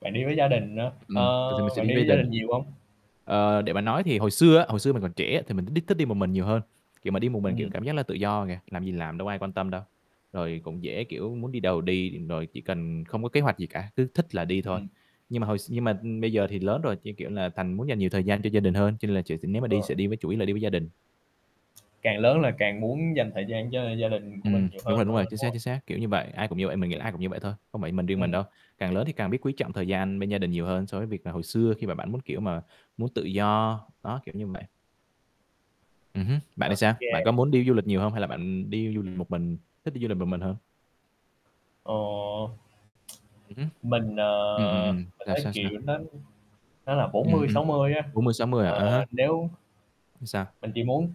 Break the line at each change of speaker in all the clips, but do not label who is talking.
Bạn đi với gia đình n
Ừm, thường
ơ,
thì mình sẽ
bạn
đi
đi
với
với gia
đình.
đình nhiều hông?
Ờ, để mà nói thì hồi xưa á, hồi xưa mình còn trẻ thì mình đích đích thích đi một mình nhiều hơn, kiểu, mà đi một mình, kiểu,
Ừm.
cảm giác là tự do kìa, làm gì làm đâu ai quan tâm đâu. Rồi cũng dễ, kiểu, muốn đi đâu thì đi rồi chỉ cần không có kế hoạch gì cả, cứ thích là đi thôi.
Ừm.
Nhưng mà hồi x nhưng mà, ưm, bây giờ thì lớn rồi, như kiểu là, thành muốn dành nhiều thời gian cho gia đình hơn, cho nên là chỉ s nếu mà đi sẽ
Ờ.
đi với chủ yếu là đi với gia đình.
Càng lớn là càng muốn dành thời gian cho gia đình của
Ừm,
mình nhiều
đúng rồi,
hơn
đúng
đúng h
rồi,
đúng
chính xác,
rồi.
chính xác. Kiểu như bạn, ai cũng như vậy, mình nghĩ là ai cũng như vậy thôi. Không phải mình riêng mình
Ừm.
đâu, càng lớn thì càng biết quý trọng thời gian bên gia đình nhiều hơn so với việc là hồi xưa khi mà bạn muốn, kiểu, mà muốn tự do, đó, kiểu như vậy. Ừm hứm, bạn thì sao? Bạn có
OK.
muốn đi du lịch nhiều hông hay là bạn, ừm, đi du lịch một mình thích đi du lịch một mình hơn?
Ồ.
Ừm hứm.
Mình,
Ừm, ừm,
ờ,
ừm,
mình
sao,
thấy,
sao, sao?
kiểu, nó nó là bốn
Ừm,
mươi
ừm,
sáu mươi á.
40-60 hả?
Ờ,
À há.
nếu
Ừm, sao?
Mình chỉ muốn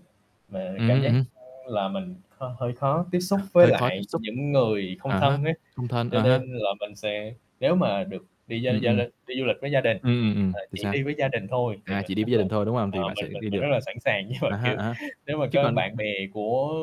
mà
Ừm
cảm
hứm, ừm
giác,
hứm.
ơ, là mình hơi hơi khó tiếp xúc với
Hơi khó tiếp
lại
xúc.
những người không
À há,
thân á,
không thân,
cho
à há.
nên là mình sẽ nếu mà được đi với
Ừm,
gia l
ừm.
đi du lịch với gia đình,
Ừm, ừm, ừm,
mà
thì
chỉ
sao?
đi với gia đình thôi thì
À,
mình
chỉ đi
rất
với gia
là,
đình thôi, đúng không? Thì
ờ,
bạn
mình
sẽ b
mình
đi
mình
được.
rất là sẵn sàng. Nhưng mà,
À há,
kiểu,
à há,
nếu mà
chứ
có
còn
bạn bè của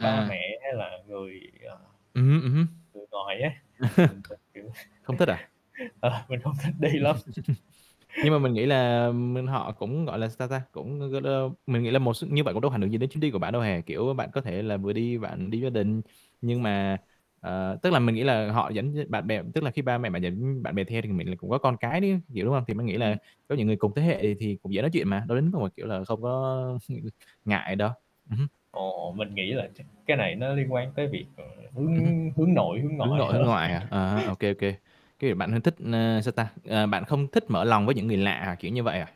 ba mẹ hay là người, à,
Ừm hứm, ừm hứm.
người ngoài á, thì mình sẽ, kiểu
Không thích à?
ờ, mình hông thích đi lắm.
Nhưng mà mình nghĩ là, ừm, mình họ cũng, gọi là, sao ta, cũng [unintelligible] mình nghĩ là một s như vậy cũng đâu ảnh hưởng gì đến chuyến đi của bạn đâu hè, kiểu, bạn có thể là vừa đi bạn đi với gia đình. Nhưng mà, ờ tức là mình nghĩ là họ dẫn theo bạn bè tức là khi ba mẹ bạn dẫn bạn bè theo thì mình nghĩ là cũng có con cái nữa, kiểu, đúng hông? Thì mình nghĩ là
Ừm.
có những người cùng thế hệ thì cũng dễ nói chuyện mà, đâu đến nổi, kiểu, là không có ngại đâu. Ừm hứm.
Ồ, mình nghĩ là chắc cái này nó liên quan tới việc, ờ,
Ừm hứm.
hướng hướng nội, hướng
Hướng
ngoại
nội, hướng
hơn.
ngoại hả? À, OK, OK. Cái kiểu bạn hơi thích, ờ, sao ta ờ, bạn không thích mở lòng với những người lạ à, kiểu, như vậy à?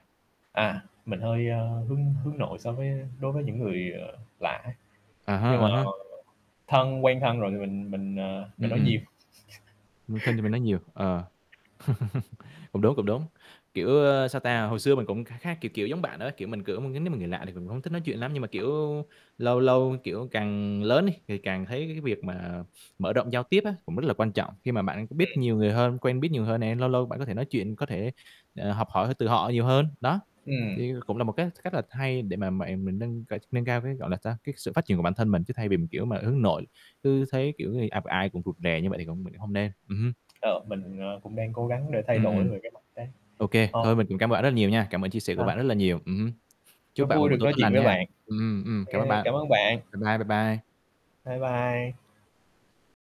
À, mình hơi, a, hướng hướng nội so với đối với những người, à, lạ á.
À há,
Nhưng mà
à há.
thân quen thân rồi thì mình mình, à, mình
Ừm,
nói
ừm.
nhiều.
Ừm, thân thì mới nói nhiều, ờ, cũng đúng, cũng đúng. Kiểu, ơ, sao ta, hồi xưa mình cũng kha khá, kiểu, kiểu, giống bạn đó. Kiểu, mình cử mà nếu mà người lạ thì mình cũng hông thích nói chuyện lắm. Nhưng mà, kiểu, lâu lâu, kiểu, càng lớn đi, thì càng thấy cái việc mà mở rộng giao tiếp á, cũng rất là quan trọng, khi mà bạn cũng biết
Ừm.
nhiều người hơn, quen biết nhiều người hơn nè, lâu lâu bạn có thể nói chuyện, có thể, ờ, học hỏi từ họ nhiều hơn, đó.
Ừm.
Thì cũng là một cái cách là hay để mà mẹ mình nâng c nâng cao cái, gọi là sao, cái sự phát triển của bản thân mình chứ, thay vì mình, kiểu, mà hướng nội cứ thấy, kiểu, người gặp ai cũng rụt rè như vậy thì cũng mình cũng hông nên. Ừm hứm.
Ờ, mình, ờ, cũng đang cố gắng để thay
Ừm,
đổi
ừm.
về cái mặt đấy.
OK,
Ờ.
thôi mình cũng cảm ơn bạn rất là nhiều nha. Cảm ơn chia sẻ của
Sao?
bạn rất là nhiều, ừm hứm.
Rất
Chúc bạn một
vui
buổi
được
tối
nói
tốt
chuyện
lành
với
nha.
bạn.
Ừm, ừm, cảm ơn
Kê,
bạn.
cảm ơn bạn.
Bye bye, bye bye.
Bye bye.